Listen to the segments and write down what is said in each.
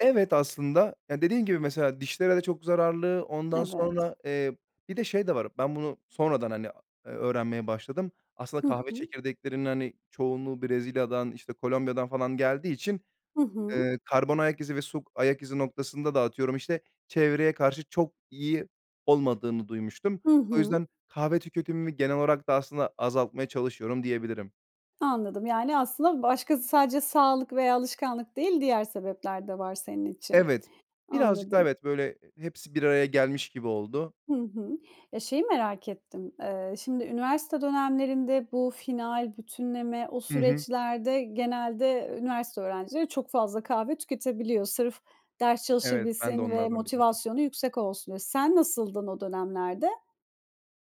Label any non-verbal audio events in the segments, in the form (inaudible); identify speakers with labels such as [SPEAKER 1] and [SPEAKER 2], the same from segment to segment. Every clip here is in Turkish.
[SPEAKER 1] Evet, aslında, ya, dediğin gibi mesela dişlere de çok zararlı. Ondan
[SPEAKER 2] Evet.
[SPEAKER 1] sonra, eee, bir de şey de var, ben bunu sonradan, hani, aaa, eee, öğrenmeye başladım. Aslında
[SPEAKER 2] Hı
[SPEAKER 1] kahve
[SPEAKER 2] hı.
[SPEAKER 1] çekirdeklerinin, hani, çoğunluğu Brezilya'dan, işte, Kolombiya'dan falan geldiği için,
[SPEAKER 2] Hı hı.
[SPEAKER 1] eee, karbon ayak izi ve su ayak izi noktasında da atıyorum, işte, çevreye karşı çok iyi olmadığını duymuştum.
[SPEAKER 2] Hı
[SPEAKER 1] O
[SPEAKER 2] hı.
[SPEAKER 1] yüzden kahve tüketimimi genel olarak da aslında azaltmaya çalışıyorum diyebilirim.
[SPEAKER 2] Anladım. Yani aslında başkası sadece sağlık veya alışkanlık değil, diğer sebepler de var senin için.
[SPEAKER 1] Evet, birazcık daha
[SPEAKER 2] Anladım.
[SPEAKER 1] evet, böyle, e hepsi bir araya gelmiş gibi oldu.
[SPEAKER 2] Hı hı. Eee, şeyi merak ettim. Eee, şimdi üniversite dönemlerinde bu final, bütünleme, o
[SPEAKER 1] Hı hı.
[SPEAKER 2] süreçlerde genelde üniversite öğrencileri çok fazla kahve tüketebiliyor. Sırf ders
[SPEAKER 1] Evet, ben de
[SPEAKER 2] çalışabilsin ve
[SPEAKER 1] onlardan biriydim.
[SPEAKER 2] motivasyonu yüksek olsun diye. Sen nasıldın o dönemlerde?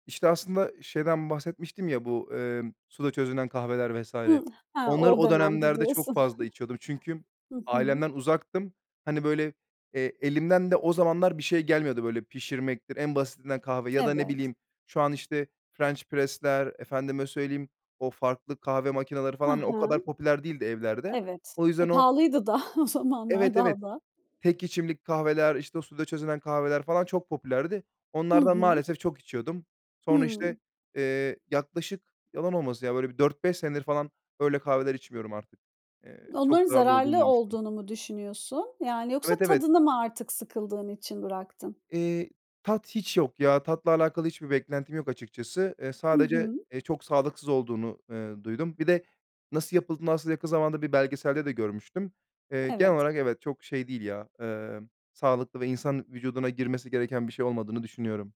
[SPEAKER 1] İşte, aslında şeyden bahsetmiştim ya, bu, emm, suda çözünen kahveler vs.
[SPEAKER 2] Hımm, he, o
[SPEAKER 1] Onları
[SPEAKER 2] o
[SPEAKER 1] o
[SPEAKER 2] dönemdi
[SPEAKER 1] dönemlerde çok
[SPEAKER 2] diyorsun.
[SPEAKER 1] fazla içiyordum. Çünkü
[SPEAKER 2] (chuckles) Hı hı.
[SPEAKER 1] ailemden uzaktım. Hani, böyle, eee, elimden de o zamanlar bir şey gelmiyordu. Böyle, pişirmektir, en basitinden kahve ya da, ne
[SPEAKER 2] Evet.
[SPEAKER 1] bileyim, şu an, işte, French Press'ler, efendime söyleyeyim, o farklı kahve makineleri
[SPEAKER 2] He
[SPEAKER 1] falan o
[SPEAKER 2] he.
[SPEAKER 1] kadar popüler değildi evlerde.
[SPEAKER 2] Evet.
[SPEAKER 1] O
[SPEAKER 2] E,
[SPEAKER 1] yüzden o
[SPEAKER 2] pahalıydı da o zamanlar
[SPEAKER 1] Evet, evet,
[SPEAKER 2] daha da.
[SPEAKER 1] tek içimlik kahveler, işte, o suda çözünen kahveler falan çok popülerdi.
[SPEAKER 2] Hı
[SPEAKER 1] Onlardan
[SPEAKER 2] hı.
[SPEAKER 1] maalesef çok içiyordum. Sonra,
[SPEAKER 2] Hıı.
[SPEAKER 1] işte, eee, yaklaşık yalan olmasın ya, böyle bir 4-5 senedir falan öyle kahveler içmiyorum artık. Eee, çok
[SPEAKER 2] Onların
[SPEAKER 1] zararlı olduğunu
[SPEAKER 2] zararlı
[SPEAKER 1] duymuştum.
[SPEAKER 2] olduğunu mu düşünüyorsun? Yani, yoksa
[SPEAKER 1] Evet, evet.
[SPEAKER 2] tadını mı artık sıkıldığın için bıraktın?
[SPEAKER 1] Eee, tat hiç yok ya. Tatla alakalı hiçbir beklentim yok açıkçası. Eee,
[SPEAKER 2] Hı
[SPEAKER 1] sadece,
[SPEAKER 2] hı.
[SPEAKER 1] eee, çok sağlıksız olduğunu, ııı, duydum. Bir de nasıl yapıldığını aslında yakın zamanda bir belgeselde de görmüştüm. Eee, genel
[SPEAKER 2] Evet.
[SPEAKER 1] olarak evet, çok şey değil ya, emm, sağlıklı ve insan vücuduna girmesi gereken bir şey olmadığını düşünüyorum.